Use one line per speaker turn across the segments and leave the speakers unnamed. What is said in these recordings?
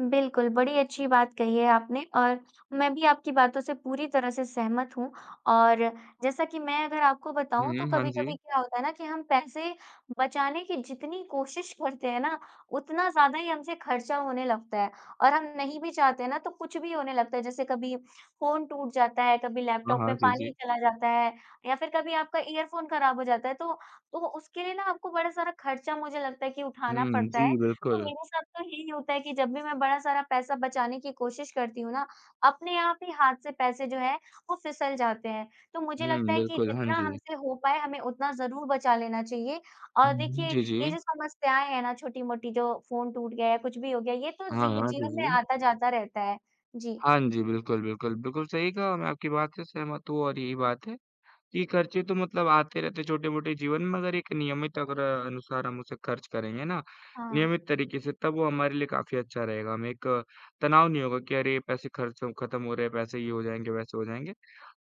बिल्कुल, बड़ी अच्छी बात कही है आपने और मैं भी आपकी बातों से पूरी तरह से सहमत हूँ और जैसा कि मैं अगर आपको बताऊँ तो
हुँ, हाँ
कभी-कभी
जी।
क्या होता है ना कि हम पैसे बचाने की जितनी कोशिश करते हैं ना, उतना ज़्यादा ही हमसे ख़र्चा होने लगता है और हम नहीं भी चाहते है ना तो कुछ भी होने लगता है। जैसे कभी फ़ोन टूट जाता है, कभी
हाँ,
लैपटॉप
हाँ,
में
जी,
पानी ही
जी।
चला जाता है या फिर कभी आपका इयरफ़ोन ख़राब हो जाता है। तो, तो वो उसके लिए ना आपको बड़ा सारा ख़र्चा मुझे लगता है कि उठाना
हुँ,
पड़ता है,
जी,
तो
बिल्कुल।
मेरे साथ तो यही होता है कि जब भी मैं बड़ा सारा पैसा बचाने की कोशिश करती हूँ ना, अपने आप ही हाथ से पैसे जो है वो फिसल जाते हैं। तो मुझे लगता
हुँ,
है कि
बिल्कुल, हाँ
जितना
जी।
हमसे हो पाए हमें उतना ज़रूर बचा लेना चाहिए और
उम,
देखिए
जी,
ये
जी।
जो समस्याएँ हैं ना छोटी-मोटी जो फ़ोन टूट गया या कुछ भी हो गया, ये तो
हाँ,
ज़ी
हाँ, जी,
जीवन में
जी।
आता-जाता रहता है। जी।
हाँ जी, बिल्कुल, बिल्कुल, बिल्कुल, सही कहा और मैं आपकी बात से सहमत हूँ और यही बात है कि ख़र्चे तो मतलब आते रहते हैं छोटे-मोटे जीवन में, मगर एक नियमित अगर अ, अनुसार हम उसे ख़र्च करेंगे ना,
हाँ।
नियमित तरीके से तब वो हमारे लिए काफ़ी अच्छा रहेगा। हमें एक तनाव नहीं होगा कि अरे, पैसे ख़र्च हो खत्म हो रहे है पैसे, ये हो जाएँगे, वैसे हो जाएँगे,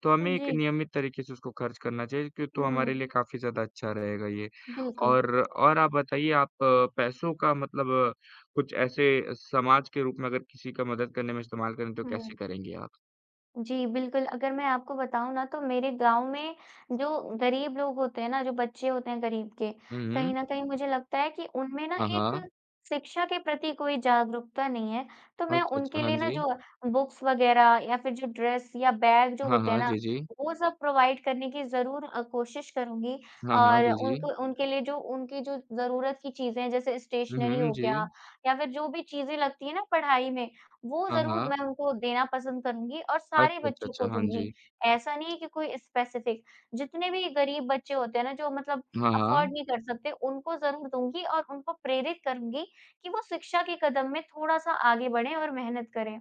तो
हाँ
हमें एक
जी।
नियमित तरीके से उसको ख़र्च करना चाहिए, कि तो हमारे लिए
हुँ।
काफ़ी ज़्यादा अच्छा रहेगा ये।
बिल्कुल।
और और आप बताइए आप अ, पैसों का मतलब अ, कुछ ऐसे समाज के रूप में अगर किसी का मदद करने में इस्तेमाल करें, तो
हुँ।
कैसे करेंगी आप?
जी, बिल्कुल, अगर मैं आपको बताऊँ ना तो मेरे गाँव में जो ग़रीब लोग होते हैं ना, जो बच्चे होते हैं ग़रीब के,
हुँ,
कहीं
हुँ।
न कहीं मुझे लगता है कि उनमें ना
हाँ,
एक
हाँ।
शिक्षा के प्रति कोई जागरूकता नहीं है। तो मैं
अच्छा, अच्छा,
उनके
हाँ
लिए ना
जी।
जो बुक्स वग़ैरह या फिर जो ड्रेस या बैग जो
हाँ,
होते हैं
हाँ,
ना,
जी, जी।
वो सब प्रोवाइड करने की ज़रूर अ, कोशिश करूँगी।
हाँ, हाँ,
और
जी, जी।
उनको उनके लिए जो उनकी जो ज़रूरत की चीज़ें हैं, जैसे
हुँ,
स्टेशनरी
हुँ,
हो गया
जी।
या फिर जो भी चीज़ें लगती हैं ना पढ़ाई में, वो
हाँ,
ज़रूर
हाँ।
मैं उनको वो देना पसंद करूँगी और सारे
अच्छा, अच्छा,
बच्चों
अच्छा,
को
हाँ
दूँगी,
जी।
ऐसा नहीं है कि कोई स्पेसिफिक। जितने भी ग़रीब बच्चे होते हैं ना जो मतलब
हाँ, हाँ।
अफोर्ड नहीं कर सकते उनको ज़रूर दूँगी और उनको प्रेरित करूँगी कि वो शिक्षा के कदम में थोड़ा-सा आगे बढ़ें और मेहनत करें।